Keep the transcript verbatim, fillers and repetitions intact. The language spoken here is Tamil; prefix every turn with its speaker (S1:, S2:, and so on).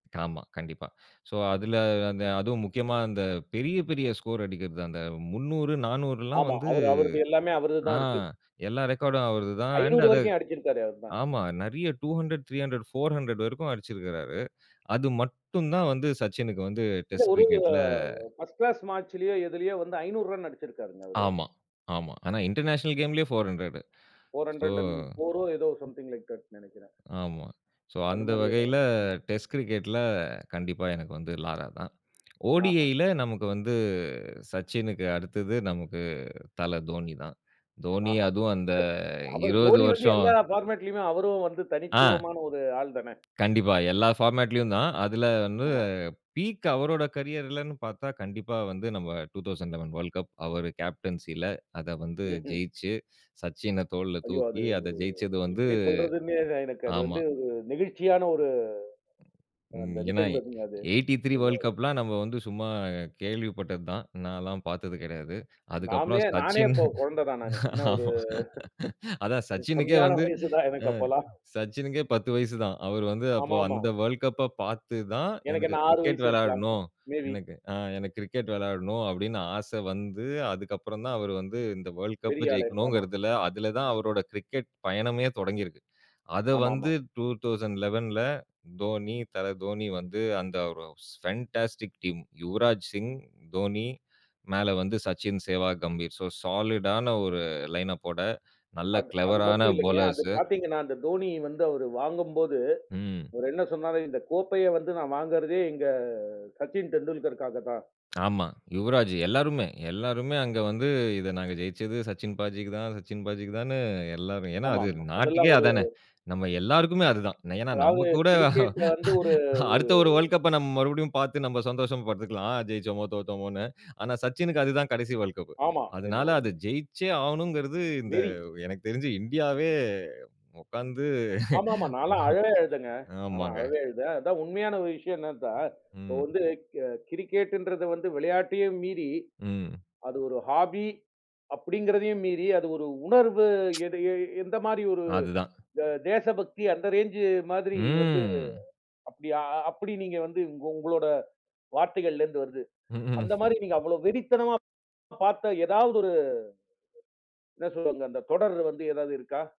S1: ஆமா, கண்டிப்பா. சோ, அதுல அந்த அதுவும் முக்கியமா, அந்த பெரிய, பெரிய ஸ்கோர் அடிக்கிறது, அந்த முந்நூறு, நானூறுலாம்
S2: ஆமா.
S1: வந்து,
S2: அவரு அவருது எல்லாமே அவருது
S1: ஆ
S2: தான் இருக்கு.
S1: எல்லா ரெக்கார்டும் அவருதுதான், அண்ட்
S2: ஐநூறு
S1: அது
S2: வரைக்கும் அடிச்சிருக்காரே அவருதான்.
S1: ஆமா, நிறைய two hundred, three hundred, four hundred வரைக்கும் அடிச்சிருக்கிறாரு. அது மட்டும் தான் வந்து சச்சினுக்கு வந்து
S2: இல்ல.
S1: டெஸ்ட்
S2: ஒரு
S1: கிரிக்கெட்ல
S2: அ ஃபர்ஸ்ட் கிளாஸ் மேட்ச்லயோ எதுலயோ வந்து ஐநூறு ரன் அடிச்சிருக்காருங்க, அவரு.
S1: ஆமா, ஆமா. ஆனா, இன்டர்நேஷனல் கேம்லேயே four hundred.
S2: Four
S1: so
S2: hundred and four ஏதோ! சம்திங் லைக் தட்னு நினைக்குறேன்.
S1: ஆமா. சோ, அந்த
S2: அதுமாரி ஏதோ
S1: வகையில
S2: ஒண்ணு, ஆமா.
S1: டெஸ்ட் கிரிக்கெட்ல கண்டிப்பா, எனக்கு வந்து லாரா தான். ODI
S2: ஆஹா!
S1: ல நமக்கு வந்து சச்சினுக்கு அடுத்தது நமக்கு தல தோனி தான். தோனி
S2: ஆஹா!
S1: அதுவும் அந்த
S2: அவரு
S1: இருவது
S2: தோனி வந்து
S1: வருஷம்,
S2: எல்லா ஃபார்மட்லேயுமே, அவரும் வந்து
S1: ஆ.
S2: தனித்துவமான ஒரு ஆள் தானே!
S1: கண்டிப்பா. எல்லா ஃபார்மட்லயும் தான். அதில
S2: ஆமா.
S1: [unintelligible] பீக் அவரோட கேரியர்லன்னு பார்த்தா, கண்டிப்பா வந்து நாம் two thousand eleven world cup. அவரு கேப்டன்சில அத வந்து
S2: ம்ஹ்ம்.
S1: ஜெயிச்சு, சச்சின தோள்ல
S2: ஐயோ! அது
S1: தூக்கி, அத
S2: ஒரு
S1: ஜெயிச்சது வந்து
S2: எப்பிடி சொல்றதுன்னே, எனக்கு அது
S1: ஆமா.
S2: வந்து ஒரு நெகிழ்ச்சியான ஒரு
S1: ம்,
S2: அந்த
S1: ஏன்னா
S2: நிகழ்வு அதுங்க அது.
S1: எயிட்டி த்ரீ வேர்ல்ட்
S2: [unintelligible]
S1: கப்லாம் நம்ம வந்து சும்மா கேள்விப்பட்டது தான். நான்லாம் பார்த்தது கிடையாது. அதுக்கப்புறம்
S2: நாமே நானே
S1: சச்சின்
S2: அப்ப குழந்தை தான் நானு. என்ன ஒரு
S1: ஆமா அதான்
S2: [unintelligible]
S1: சச்சினுக்கே
S2: கம்மியான
S1: வந்து
S2: வயசு தான், எனக்கு
S1: அ
S2: அப்போலாம்.
S1: சச்சினுக்கே பத்து வயசு தான். அவரு வந்து அப்போ
S2: ஆமா, ஆமா.
S1: அந்த வேர்ல்ட் கப்ப பார்த்து தான்,
S2: எனக்கு
S1: எனக்கு
S2: என்ன ஆறு
S1: கிரிக்கெட்
S2: வயசு இருக்கலாம்.
S1: விளையாட்ணும்.
S2: Maybe.
S1: எனக்கு, அ எனக்கு கிரிக்கெட் விளையாடணும் அப்பிடின்னு ஆச வந்து, அதுக்கப்பறம் தான் அவரு வந்து இந்த வேர்ல்ட் கப்ப
S2: பெரிய ஆளு
S1: ஜெயிக்கணுங்கிறதல, அதில தான்
S2: [unintelligible]
S1: அவரோட கிரிக்கெட் பயணமே தொடங்கி இருக்கு. அத வந்து
S2: ஆமாமா.
S1: டூ தௌசன்ட் லெவன்ல தோனி, தல தோனி வந்து அந்த ஒரு ஃபேன்டாஸ்டிக் டீம் யுவராஜ் சிங், தோனி மேல வந்து சச்சின், சேவாக், கம்பீர். சோ சாலிடான ஒரு லைன் அப்போட நல்ல
S2: அது, அது
S1: கிளெவரான
S2: மட்டும் இல்லேங்க, அது
S1: பவுலர்ஸ்ஸூ.
S2: பார்த்தீங்கன்னா, அந்த தோனி வந்து அவரு வாங்கும்போது,
S1: ம்.
S2: அவரு என்ன சொன்னாரு, "இந்த கோப்பைய வந்து நான் வாங்குறதே எங்க சச்சின் டெண்டுல்கருக்காக தான்"
S1: ஆமா. யுவராஜூ, எல்லாருமே எல்லோருமே. அங்க வந்து இத நாங்க ஜெயிச்சது சச்சின் பாஜிக்கு தான், சச்சின் பாஜிக்கு தானு எல்லாரும் ஏன்னா அது
S2: ஆமாமா.
S1: நாட்டுக்கே
S2: அதெல்லாம் ஒரு
S1: அதானே! நம்ம எல்லாருக்குமே அதுதான். ஏன்னா
S2: அதாவது
S1: நம்மகூட
S2: கிரிக்கெட் வந்து, ஒரு, ஒரு
S1: அடுத்த ஒரு வேர்ல்ட் கப்ப நம்ம மறுபடியும் பார்த்து, நம்ம சந்தோஷம் பட்ருக்கலாம். ஜெயிச்சோமோ! தோத்தோமோன்னு. ஆனா, சச்சினுக்கு அதுதான் கடைசி வேர்ல்ட் கப்பு.
S2: ஆமா, என்ன
S1: அதுனால அத
S2: உண்ம.
S1: ஜெயிச்சே ஆவணுங்கிறது, இந்த
S2: வெறி.
S1: எனக்குத் தெரிஞ்சு இந்தியாவே உட்கார்ந்து
S2: ஆமா, ஆமா. நான்லாம் அழ ஏதெங்க நான்
S1: ஆமாங்க.
S2: அழவே அழுதேன். அதான் உண்மையான ஒரு விஷயம் என்ன சார், இப்ப
S1: ம்.
S2: வந்து கே கிரிக்கெட்டுன்றது வந்து விளையாட்டையும் மீறி,
S1: ம்.
S2: அது ஒரு ஹாபி அப்பிடிங்கிறதையும் மீறி, அது ஒரு உணர்வு எடு எ எந்தமாரி ஒரு
S1: அதுதான்.
S2: இந்த தே தேசபக்தி, அந்த ரேஞ்ச் மாதிரி வந்து
S1: ம்.
S2: அப்பிடியா! அ அப்பிடி நீங்க வந்து உங்க உங்களோட வார்த்தைகள்லேருந்து வருது.
S1: ம், ம்.
S2: அந்தமாரி நீங்க அவ்வளவு வெறித்தனமா பார்த்த எதாவது ஒரு என்ன சொல்றது, அந்த, அந்த தொடர் வந்து ஏதாவது இருக்கா?